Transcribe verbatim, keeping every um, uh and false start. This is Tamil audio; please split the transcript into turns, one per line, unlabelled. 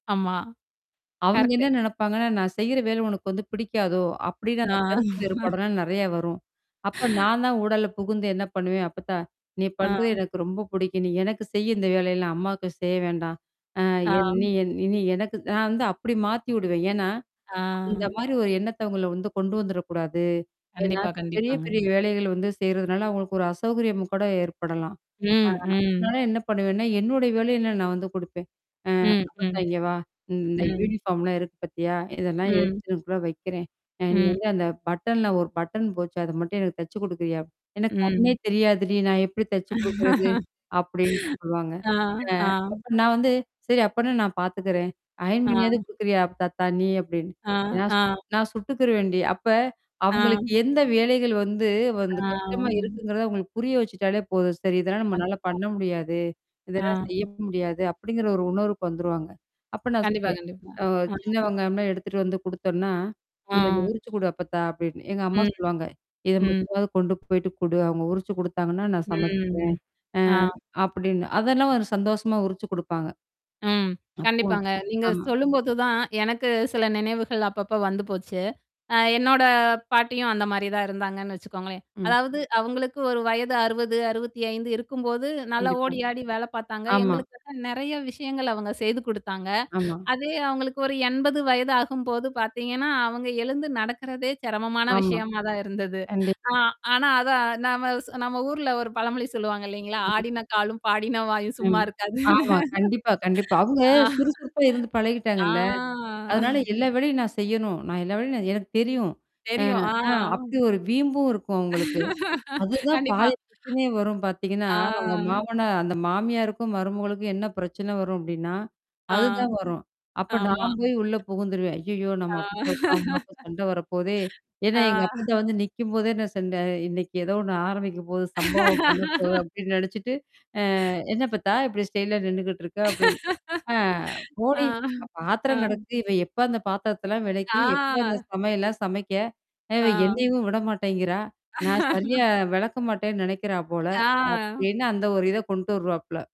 ஆமா.
அவங்க
கரெக்ட்.
என்ன நினைப்பாங்கனா, நான் செய்யுற வேலை உனக்கு வந்துப் பிடிக்காதோ அப்படின்னு,
ஆ.
அந்தக் கருத்து வேறுபாடலாம் நிறைய வரும். அப்ப நான் தான் ஊடால புகுந்து என்ன பண்ணுவேன்? அப்பத்தா, நீ
ஆ.
பண்றது எனக்கு ரொம்ப புடிக்கும். நீ எனக்குச் செய், இந்த வேலையெல்லாம் அம்மாவுக்குச் செய்ய வேண்டாம். அ என் நீ
ஆம்.
என் நீ இனி எனக்கு நான் வந்து அப்படி மாத்தி விடுவேன். ஏன்னா, இந்த
ஆ.
மாதிரி ஒரு எண்ணத்தை உங்கள வந்து கொண்டு வந்துடக் கூடாது. ஏன்னா,
கண்டிப்பா,
பெரிய பெரிய
கண்டிப்பாங்க.
வேலைகளைச் செய்யறதுனால அவங்களுக்கு ஒரு அசௌகரியம் கூட ஏற்படலாம். ஆ,
ம்,
அதுனால
ம்.
என்ன பண்ணுவேன்னா, என்னோட வேலையெல்லாம் நான் வந்து கொடுப்பேன். ஆ,
ம்.
அப்பத்தா,
ம்.
இங்க வா. இந்த
ம்.
யூனிஃபார்ம் லாம் இருக்கு பாத்தியா? இதெல்லாம்
ம்.
எடுத்துட்டு இங்கனக்குள்ள வைக்கிறேன். அ நீ
ம்.
வந்து அந்தப் பட்டன்ல ஒரு பட்டன் போச்சு. அது மட்டும் எனக்குத் தச்சு கொடுக்குறியா? எனக்குக் கண்ணே
ம்.
தெரியாதுடி. நான் எப்படி தச்சு கொடுக்கிறது? அப்படின்னு சொல்லுவாங்க.
ஆ,
அ
ஆம்.
அப்ப நான் வந்து, சரி அப்டின்னா நான் பாத்துக்குறேன். அயர்ன் பண்ணியாது
ஆம்.
குடுக்குறியா அப்பத்தாத்தா நீ? அப்படின்னு.
ஆ,
நான்
ஆ.
நான் சுட்டுக்கிருவேண்டி. அப்ப
ஆ.
அவங்களுக்கு எந்த வேலைகள் வந்து வந்து கஷ்டமா
ஆம்.
இருக்குங்குறதை உங்களுக்குப் புரிய வச்சிட்டாலே போதும். சரி. இதெல்லாம் நம்மளால
கண்டிப்பா.
பண்ண முடியாது. இதெல்லாம்
ஆம்.
செய்ய முடியாது அப்படிங்கற ஒரு உணர்வுக்கு வந்துருவாங்க. அப்ப நான்
கண்டிப்பா,
சொல்லுவேன்.
கண்டிப்பா.
அ
ஆம்.
சின்னவெங்காயம் எல்லாம் எடுத்துட்டு வந்து கொடுத்தோம்னா, இத
ஆம்.
உறிச்சு குடு அப்பத்தா அப்படின்னு எங்கம்மா
ம்.
சொல்லுவாங்க. இத
ம்.
மட்டுமாது கொண்டு போயிட்டு குடு. அவங்க உரிச்சு கொடுத்தாங்கன்னா, நான் சமைச்சுகிறேன்.
ம்.
அ
ஆ.
அப்படின்னு. அதெல்லாம் ஒரு சந்தோஷமா உறிச்சு கொடுப்பாங்க.
ம்.
அப்போ
கண்டிப்பாங்க. நீங்கச்
ஆமா.
சொல்லும்போதுதான் எனக்குச் சில நினைவுகள் அப்பப்ப வந்து போச்சு. ஆ, என்னோட பாட்டியும் அந்த மாதிரிதான் இருந்தாங்கன்னு வச்சுக்கோங்களேன்.
ம்.
அதாவது அவங்களுக்கு ஒரு வயது அறுபது, அறுபத்தியஞ்சு இருக்கும்போது நல்ல
கண்டிப்பா
ஓடியாடி வேலை பார்த்தாங்க.
ஆமா.
எங்களுக்கு [unintelligible] நிறைய விஷயங்களை அவங்க செய்து கொடுத்தாங்க.
ஆமா.
அதே அவங்களுக்கு ஒரு எண்பது வயது ஆகும்போது பார்த்தீங்கன்னா, அவங்க எழுந்து நடக்கிறதே சிரமமான
ஆமா.
விஷயமாதான் இருந்தது. ஆ,
கண்டிப்பா.
ஆனா அதை நாம சொ நம்ம ஊர்ல ஒரு பழமொழி சொல்லுவாங்க இல்லீங்களா?
ஆம்.
ஆடின காலும், பாடின வாயும்
ம்.
சும்மா இருக்காதுன்னு.
ஆமா. கண்டிப்பா. கண்டிப்பா. அவங்க
ஆ.
சுறுசுறுப்பா இருந்து
ஆ.
பழகிட்டாங்கள்ல. அதனால எல்லா வேலையும் நான் செய்யணும். நான் எல்லா வேலையும் எனக்குத் தெரியும். எ
தெரியும்.
அ
ஆ.
அப்படி ஒரு வீம்பும் இருக்கும் அவங்களுக்கு. அது தான்
கண்டிப்பா.
பாதி பிரச்சனையே வரும் பாத்தீங்கன்னா, உங்க
ஆ.
மாமனார் அந்த மாமியாருக்கும் மருமகளுக்கும் என்ன பிரச்சனை வரும் அப்படின்னா,
ஆ.
அது தான் வரும். அப்ப
ஆமா.
நான் போய் உள்ள புகுந்துருவேன். ஐயயோ! நம்ம அப்பத்தாவுக்கும் அம்மாவுக்கும் சண்டை வரப்போகுதே. ஏன்னா,
ஆ
எங்கப்பத்தா வந்து, நிக்கும்போதே என்ன சண்ட, இன்னைக்கு ஏதோ ஒண்ணு ஆரம்பிக்கப்போகுது, சம்பவம் பண்ணப்போகுது அப்படின்னு நினைச்சுட்டு, அ என்ன அப்பத்தா இப்படி ஸ்டைல்லா நின்னுகிட்டு இருக்க? அப்படின்னு ஆ, போடி!
ஆ.
பாத்திரம்
ஆ.
கிடக்கு. இவ எப்ப அந்தப் பாத்திரத்த எல்லாம் விளக்கி, எப்ப
ஆ.
அந்தச் சமையல்லாம் சமைக்க?
ஆ.
என்னையும் விட மாட்டேங்குறா. நான் சரியா விளக்க மாட்டேன்னு நினைக்கிறா போல
ஆ.
அப்படின்னு அந்த ஒரு இதை கொண்ட்டு வருவாப்புல.